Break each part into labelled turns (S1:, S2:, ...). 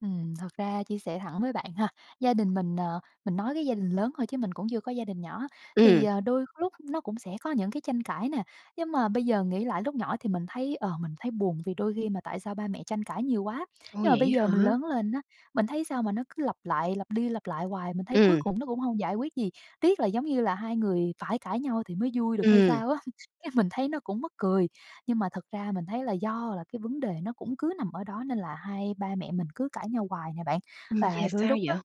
S1: Ừm, thật ra chia sẻ thẳng với bạn ha. Gia đình mình, ờ mình nói cái gia đình lớn thôi chứ mình cũng chưa có gia đình nhỏ, thì,
S2: Ừm.
S1: ờ, đôi lúc nó cũng sẽ có những cái tranh cãi nè. Nhưng mà bây giờ nghĩ lại lúc nhỏ thì mình thấy, ờ, mình thấy buồn vì đôi khi mà tại sao ba mẹ tranh cãi nhiều quá.
S2: Ôi,
S1: Nhưng mà bây
S2: vậy
S1: giờ mình
S2: hả?
S1: lớn lên á, mình thấy sao mà nó cứ lặp lại lặp đi lặp lại hoài, mình thấy cuối
S2: Ừm.
S1: cùng nó cũng hông giải quyết gì. Tiếc là giống như là hai người phải cãi nhau thì mới vui được hay
S2: Ừm.
S1: sao á. Cái mình thấy nó cũng mắc cười. Nhưng mà thật ra mình thấy là do là cái vấn đề nó cũng cứ nằm ở đó, nên là hai ba mẹ mình cứ cãi nhau hoài nè bạn.
S2: Ừm,
S1: Và
S2: yeah,
S1: đôi
S2: sao
S1: lúc á
S2: vậy?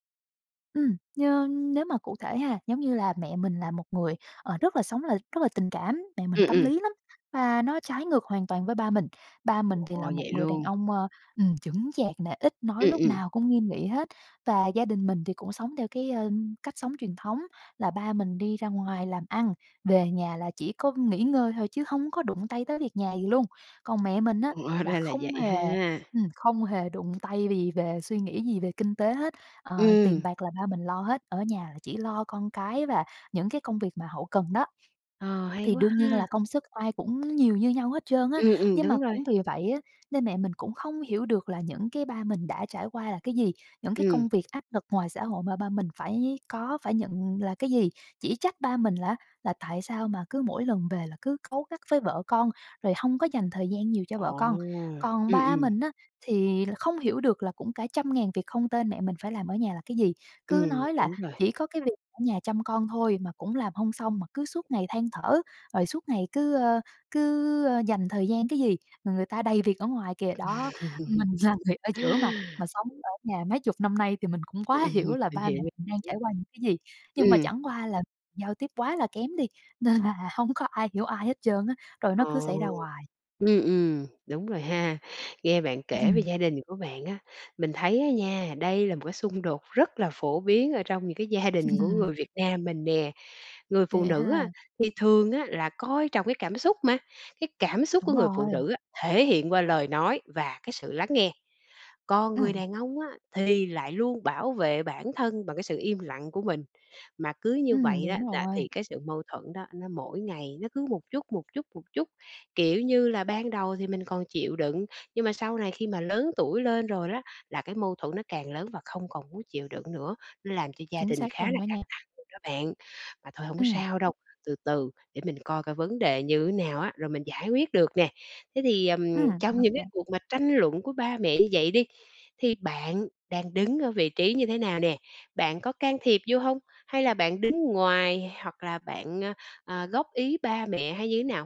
S1: ừm, nhơ nếu mà cụ thể ha, giống như là mẹ mình là một người, ờ, rất là sống là rất là tình cảm, mẹ mình
S2: Ừm,
S1: tâm
S2: ừm.
S1: lý lắm, và nó trái ngược hoàn toàn với ba mình. Ba
S2: Trời
S1: mình thì là
S2: ơi,
S1: một
S2: vậy
S1: người đàn
S2: luôn!
S1: ông, ờ, ừm, chững chạc nè, ít nói,
S2: Ừm,
S1: lúc
S2: ừm.
S1: nào cũng nghiêm nghị hết. Và gia đình mình thì cũng sống theo cái, ờ, cách sống truyền thống là ba mình đi ra ngoài làm ăn, về nhà là chỉ có nghỉ ngơi thôi chứ hông có đụng tay tới việc nhà gì luôn. Còn mẹ mình á
S2: Hóa
S1: là
S2: ra là
S1: không
S2: vậy
S1: hề
S2: ha!
S1: ừm, không hề đụng tay vì về suy nghĩ gì về kinh tế hết. Ờ, tiền
S2: Ừm.
S1: bạc là ba mình lo hết, ở nhà là chỉ lo con cái và những cái công việc mà hậu cần đó.
S2: Ờ, hay
S1: Thì
S2: quá
S1: đương nhiên
S2: ha!
S1: là công sức ai cũng nhiều như nhau hết trơn á.
S2: Ừm, ừm,
S1: Nhưng mà
S2: đúng rồi.
S1: cũng vì vậy á, nên mẹ mình cũng không hiểu được là những cái ba mình đã trải qua là cái gì, những cái
S2: Ừm.
S1: công việc áp lực ngoài xã hội mà ba mình phải có phải nhận là cái gì. Chỉ trách ba mình là, á, là tại sao mà cứ mỗi lần về là cứ cáu gắt với vợ con, rồi hông có dành thời gian nhiều cho vợ con.
S2: Ồ!
S1: Còn
S2: Ừm,
S1: ba
S2: ừm.
S1: mình á, thì là không hiểu được là cũng cả trăm ngàn việc không tên mẹ mình phải làm ở nhà là cái gì. Cứ
S2: Ừm,
S1: nói là
S2: đúng rồi.
S1: chỉ có cái việc ở nhà chăm con thôi mà cũng làm hông xong, mà cứ suốt ngày than thở, rồi suốt ngày cứ, ơ, cứ, ơ, dành thời gian cái gì. Người người ta đầy việc ở ngoài kìa, đó. Mình là người ở giữa mà, mà sống ở nhà mấy chục năm nay thì mình cũng
S2: Ừm,
S1: quá hiểu
S2: ừm,
S1: là
S2: mình
S1: ba mẹ
S2: hiểu, mình
S1: mình đang
S2: hiểu.
S1: trải qua những cái gì. Nhưng mà
S2: Ừm.
S1: chẳng qua là giao tiếp quá là kém đi, nên là hông có ai hiểu ai hết trơn á, rồi nó
S2: À.
S1: cứ xảy ra hoài.
S2: Ừm, ừm, đúng rồi ha. Nghe bạn kể về
S1: Ừm.
S2: gia đình của bạn á, mình thấy á nha, đây là một cái xung đột rất là phổ biến ở trong những cái gia đình của người Việt Nam mình nè. Người phụ
S1: Vậy
S2: nữ á,
S1: ha.
S2: thì thường á là coi trọng cái cảm xúc mà. Cái cảm xúc của
S1: Đúng
S2: người phụ
S1: rồi.
S2: nữ á, thể hiện qua lời nói và cái sự lắng nghe. Còn người
S1: Ừm.
S2: đàn ông á, thì lại luôn bảo vệ bản thân bằng cái sự im lặng của mình. Mà cứ như
S1: Ừm,
S2: vậy á
S1: đúng
S2: là
S1: rồi.
S2: thì cái sự mâu thuẫn đó nó mỗi ngày nó cứ một chút, một chút, một chút. Kiểu như là ban đầu thì mình còn chịu đựng, nhưng mà sau này khi mà lớn tuổi lên rồi đó, là cái mâu thuẫn nó càng lớn và không còn muốn chịu đựng nữa. Nó làm cho gia
S1: Chính
S2: đình
S1: xác
S2: khá
S1: luôn
S2: là
S1: đó
S2: căng
S1: nha.
S2: thẳng luôn đó bạn. Mà thôi hổng
S1: Ừm.
S2: sao đâu, từ từ để mình coi coi vấn đề như thế nào á, rồi mình giải quyết được nè. Thế thì, ừm,
S1: Ừm,
S2: trong những cái
S1: OK.
S2: cuộc mà tranh luận của ba mẹ như vậy đi, thì bạn đang đứng ở vị trí như thế nào nè? Bạn có can thiệp vô hông? Hay là bạn đứng ngoài, hoặc là bạn, à, à, góp ý ba mẹ? Hay như thế nào?